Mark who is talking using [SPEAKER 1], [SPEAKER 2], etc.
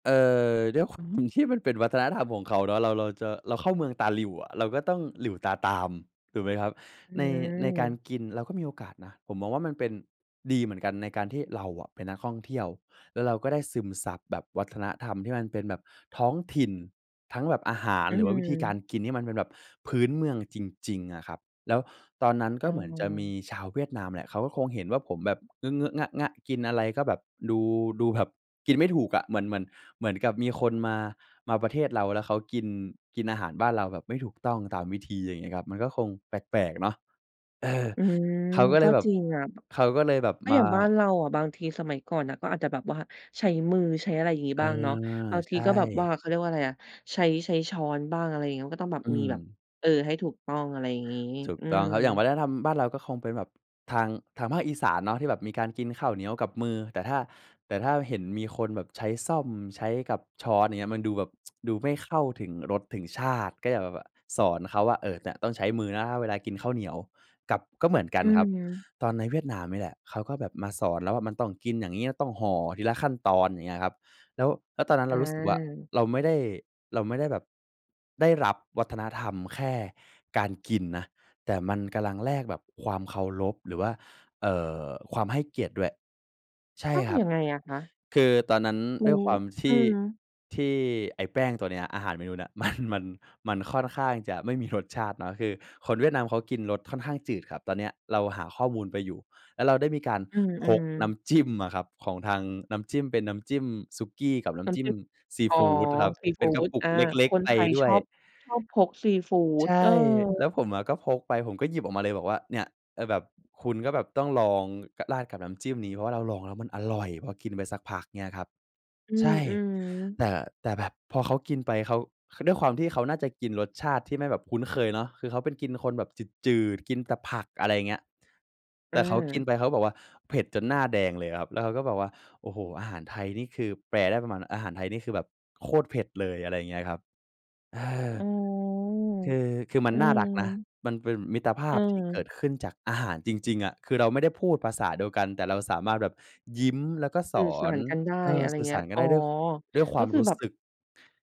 [SPEAKER 1] เอ่อ ด้วยความ [unintelligible] ที่มันเป็นวัฒนธรรมของเขาเนาะ เรา เราจะ เราเข้าเมืองตาหลิ่วอะ เราก็ต้องหลิ่วตาตาม ถูกไหมครับ?
[SPEAKER 2] อื
[SPEAKER 1] ใน ในการ
[SPEAKER 2] ม
[SPEAKER 1] กินเราก็มีโอกาสนะ ผมมองว่ามันเป็น ดีเหมือนกัน ในการที่เราอะเป็นนักท่องเที่ยว แล้วเราก็ได้ซึมซับแบบวัฒนธรรมที่มันเป็นแบบท้องถิ่น ทั้งแบบอาหาร
[SPEAKER 2] อื
[SPEAKER 1] หรือว่าวิธีการ
[SPEAKER 2] ม
[SPEAKER 1] กินนี่มันเป็นแบบพื้นเมืองจริง ๆ อะครับ แล้วตอนนั้น ก็
[SPEAKER 2] อ๋
[SPEAKER 1] เหมือนจะมี
[SPEAKER 2] อ
[SPEAKER 1] ชาวเวียดนามแหละ เขาก็คงเห็นว่าผมแบบเงอะ ๆ งะ ๆ กินอะไรก็แบบ ดู ดูแบบกินไม่ถูกอะ เหมือน เหมือน เหมือนกับมีคนมา มาประเทศเรา แล้วเขากิน กินอาหารบ้านเราแบบไม่ถูกต้องตามวิธี อย่างเงี้ยครับ มันก็คงแปลก ๆ เนาะ เออ
[SPEAKER 2] อืม
[SPEAKER 1] เขาก็เ
[SPEAKER 2] ก
[SPEAKER 1] ล
[SPEAKER 2] ็
[SPEAKER 1] ยแบ
[SPEAKER 2] จ
[SPEAKER 1] บ
[SPEAKER 2] ริงอะ
[SPEAKER 1] เขาก็เลยแบบ
[SPEAKER 2] ก็
[SPEAKER 1] ม
[SPEAKER 2] อย่
[SPEAKER 1] า
[SPEAKER 2] างบ้านเราอะ บางทีสมัยก่อนน่ะ ก็อาจจะแบบว่าใช้มือ ใช้อะไรอย่างงี้
[SPEAKER 1] เออ
[SPEAKER 2] บ้างเนาะ บางท
[SPEAKER 1] ใช
[SPEAKER 2] ีก็แบบว่
[SPEAKER 1] ่
[SPEAKER 2] า เขาเรียกว่าไรอะ ใช้ ใช้ช้อนบ้าง อะไรอย่างงี้ มันก็ต้องแบบ
[SPEAKER 1] อื
[SPEAKER 2] มีแบบ
[SPEAKER 1] ม
[SPEAKER 2] เออ ให้ถูกต้อง อะไรอย่างงี้
[SPEAKER 1] ถูก
[SPEAKER 2] อื
[SPEAKER 1] ต้อ
[SPEAKER 2] ม
[SPEAKER 1] งครับ อย่างวัฒนธรรมบ้านเรา ก็คงเป็นแบบทาง ทางภาคอีสานเนาะ ที่แบบมีการกินข้าวเหนียวกับมือ แต่ถ้า แต่ถ้าเห็นมีคนแบบใช้ส้อม ใช้กับช้อน อย่างเงี้ย มันดูแบบ ดูไม่เข้าถึงรสถึงชาติ ก็อยากแบบว่าสอนเขาว่า "เอ่อ เนี่ย ต้องใช้มือนะเวลากินข้าวเหนียว" กับ ก็เหมือนกั
[SPEAKER 2] อ
[SPEAKER 1] น
[SPEAKER 2] ื
[SPEAKER 1] ครับ
[SPEAKER 2] อ
[SPEAKER 1] ตอนในเวียดนามเนี่ยแหละ เขาก็แบบมาสอนเราว่า "มันต้องกินอย่างงี้ ต้องห่อทีละขั้นตอน" อย่างเงี้ยครับ แล้ว แล้วตอนนั้นเรารู้สึกว่า
[SPEAKER 2] อา
[SPEAKER 1] เราไม่ได้ เราไม่ได้แบบ ได้รับวัฒนธรรมแค่การกินนะ แต่มันกำลังแลกแบบความเคารพ หรือว่า เอ่อ ความให้เกียรติด้วย ใช่
[SPEAKER 2] อ้าว
[SPEAKER 1] ครับ
[SPEAKER 2] ยังไงอะคะ?
[SPEAKER 1] คือตอนนั้น
[SPEAKER 2] อื
[SPEAKER 1] ด้วย
[SPEAKER 2] ม
[SPEAKER 1] ความท
[SPEAKER 2] อื
[SPEAKER 1] ี่
[SPEAKER 2] อ
[SPEAKER 1] ที่ไอ้แป้งตัวเนี้ย อาหารเมนูเนี้ย มัน มัน มันค่อนข้างจะไม่มีรสชาติเนาะ คือคนเวียดนาม เขากินรสค่อนข้างจืดครับ ตอนเนี้ย เราหาข้อมูลไปอยู่ แล้วเราได้มีการ
[SPEAKER 2] อื
[SPEAKER 1] พก
[SPEAKER 2] ม
[SPEAKER 1] น้
[SPEAKER 2] ๆ
[SPEAKER 1] ำจิ้มอะครับ ของทาง น้ำจิ้ม เป็นน้ำจิ้มสุกี้ กับน้
[SPEAKER 2] น้
[SPEAKER 1] ำจิ้
[SPEAKER 2] ำจ
[SPEAKER 1] ม
[SPEAKER 2] ิ้ม
[SPEAKER 1] ซี
[SPEAKER 2] อ๋อ
[SPEAKER 1] ฟูดอะครับ
[SPEAKER 2] ซี
[SPEAKER 1] เป
[SPEAKER 2] ฟ
[SPEAKER 1] ็
[SPEAKER 2] ู
[SPEAKER 1] นกระ
[SPEAKER 2] ด
[SPEAKER 1] ปุ
[SPEAKER 2] อ
[SPEAKER 1] ก
[SPEAKER 2] า
[SPEAKER 1] เล็ก
[SPEAKER 2] คน
[SPEAKER 1] ๆ ไป
[SPEAKER 2] ไทย
[SPEAKER 1] ด้
[SPEAKER 2] ช
[SPEAKER 1] วย
[SPEAKER 2] อบ ชอบพกซีฟู
[SPEAKER 1] ใ
[SPEAKER 2] ด
[SPEAKER 1] ช่
[SPEAKER 2] เออ
[SPEAKER 1] แล้วผมอะก็พกไป ผมก็หยิบออกมาเลย บอกว่า "เนี่ย เออ แบบคุณก็แบบต้องลอง ก ราดกับน้ำจิ้มนี้ เพราะว่าเราลองแล้วมันอร่อย" พอกินไปสักพัก เงี้ยครับ
[SPEAKER 2] อื
[SPEAKER 1] ใช
[SPEAKER 2] ม
[SPEAKER 1] ่
[SPEAKER 2] อือ
[SPEAKER 1] แต่ แต่แบบพอเขากินไป เขา ด้วยความที่เขาน่าจะกินรสชาติที่ไม่แบบคุ้นเคยเนาะ คือเขาเป็นกิน คนแบบจืด ๆ กินแต่ผัก อะไรเงี้ย
[SPEAKER 2] เ
[SPEAKER 1] แต่เขากิน
[SPEAKER 2] ออ
[SPEAKER 1] ไปเขาก็บอกว่า เผ็ดจนหน้าแดงเลยครับ แล้วเขาก็บอกว่า "โอ้โฮ อาหารไทยนี่คือ" แปลได้ประมาณ "อาหารไทย นี่คือแบบโคตรเผ็ดเลย" อะไรเงี้ยครับ เออ
[SPEAKER 2] อ๋อ
[SPEAKER 1] คือ คือมั
[SPEAKER 2] อ
[SPEAKER 1] น
[SPEAKER 2] ื
[SPEAKER 1] น่ารักนะ
[SPEAKER 2] ม
[SPEAKER 1] มันเป็นมิตรภาพที่เก
[SPEAKER 2] เออ
[SPEAKER 1] ิดขึ้นจากอาหารจริง ๆ อะ คือเราไม่ได้พูดภาษาเดียวกัน แต่เราสามารถแบบยิ้ม แล้วก็ส
[SPEAKER 2] สื่อ
[SPEAKER 1] อ
[SPEAKER 2] สา
[SPEAKER 1] น
[SPEAKER 2] รกันได้
[SPEAKER 1] เออ
[SPEAKER 2] อะไร
[SPEAKER 1] สื่อ
[SPEAKER 2] เ
[SPEAKER 1] ส
[SPEAKER 2] งี้
[SPEAKER 1] า
[SPEAKER 2] ย
[SPEAKER 1] รกัน
[SPEAKER 2] อ๋
[SPEAKER 1] ได
[SPEAKER 2] อ
[SPEAKER 1] ้ ด้วย ค ด้วยคว
[SPEAKER 2] ก็
[SPEAKER 1] าม
[SPEAKER 2] คื
[SPEAKER 1] ร
[SPEAKER 2] อ
[SPEAKER 1] ู้
[SPEAKER 2] แบบ
[SPEAKER 1] สึก